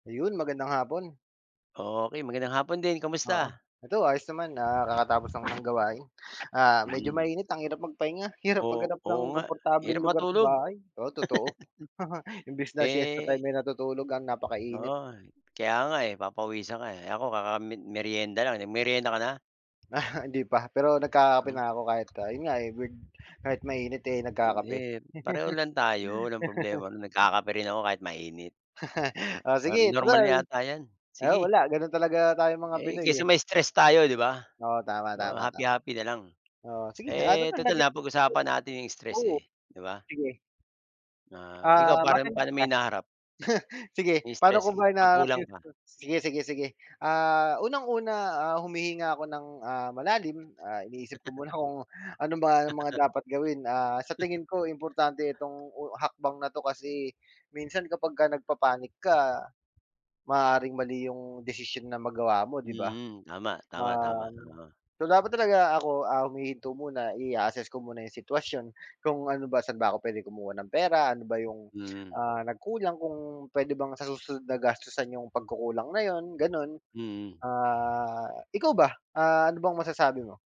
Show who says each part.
Speaker 1: Ayun, magandang hapon.
Speaker 2: Okey, magandang hapon din.
Speaker 1: Oo,
Speaker 2: Kamusta?
Speaker 1: eto ayos naman, ah kakatapos lang ng gawain. Ah, medyo
Speaker 2: Hmm.
Speaker 1: mainit ang hirap magpahinga, hirap
Speaker 2: Oo,
Speaker 1: maghanap ng
Speaker 2: oo nga,
Speaker 1: komportableng
Speaker 2: hirap
Speaker 1: lugar sa
Speaker 2: matulog.
Speaker 1: bahay, oo, totoo, imbis na siesta
Speaker 2: Eh
Speaker 1: time, eh, natutulog ang napakainit.
Speaker 2: Oo nga, kaya nga, eh, papawisan ka, eh. Ako kaka mer merienda lang, nag merienda ka na?
Speaker 1: Ah, hindi pa, pero nagkakape
Speaker 2: Hmm.
Speaker 1: na ako kahit ah yun nga, eh, gud kahit mainit, eh, nagkakape.
Speaker 2: Eh, pareho lang tayo, walang problema ron, nagkakape rin ako kahit mainit.
Speaker 1: Oh,
Speaker 2: Ah,
Speaker 1: sige
Speaker 2: normal
Speaker 1: total
Speaker 2: yata 'yan,
Speaker 1: ah,
Speaker 2: sige.
Speaker 1: wala ganun talaga tayong mga
Speaker 2: Eh,
Speaker 1: Pinoy,
Speaker 2: kesa
Speaker 1: eh.
Speaker 2: ma stress tayo 'di ba,
Speaker 1: Oo, tama,
Speaker 2: oh,
Speaker 1: tama,
Speaker 2: happy
Speaker 1: tama.
Speaker 2: happy nalang.
Speaker 1: Oo, sige at
Speaker 2: Eh, total
Speaker 1: [unintelligible]
Speaker 2: na pag-usapan natin yung stress
Speaker 1: oo
Speaker 2: eh, 'di ba.
Speaker 1: sige.
Speaker 2: Ah, ikaw
Speaker 1: Ah,
Speaker 2: parang
Speaker 1: matanong
Speaker 2: pa'no mo
Speaker 1: kita,
Speaker 2: hinaharap?
Speaker 1: sige paano
Speaker 2: Nai-stress
Speaker 1: ko ba
Speaker 2: 'pag
Speaker 1: hinahanap
Speaker 2: kulang
Speaker 1: 'yung
Speaker 2: pa.
Speaker 1: sige, sige, sige. Ah, unang-una, ah, humihinga ako ng, ah, malalim, ah, iniisip ko muna kung ano ba ang mga dapat gawin, ah, sa tingin ko importante itong hakbang na 'to kasi minsan kapagka nagpa-panic ka, maaaring mali 'yung desisyon na magawa mo 'di ba.
Speaker 2: Mm, tama, tama, tama,
Speaker 1: Um,
Speaker 2: oo.
Speaker 1: so dapat talaga ako, ah, humihinto muna, i-a-assess ko muna 'yung sitwasyon, kung ano ba, saan ba ako puwede kumuha ng pera, ano ba 'yung
Speaker 2: Mm.
Speaker 1: ah, nagkulang, kung puwede bang sa susunod na gastusan 'yung pagkukulang na 'yun, ganun.
Speaker 2: Mm.
Speaker 1: Ah, ikaw ba, ah, ano bang masasabi mo?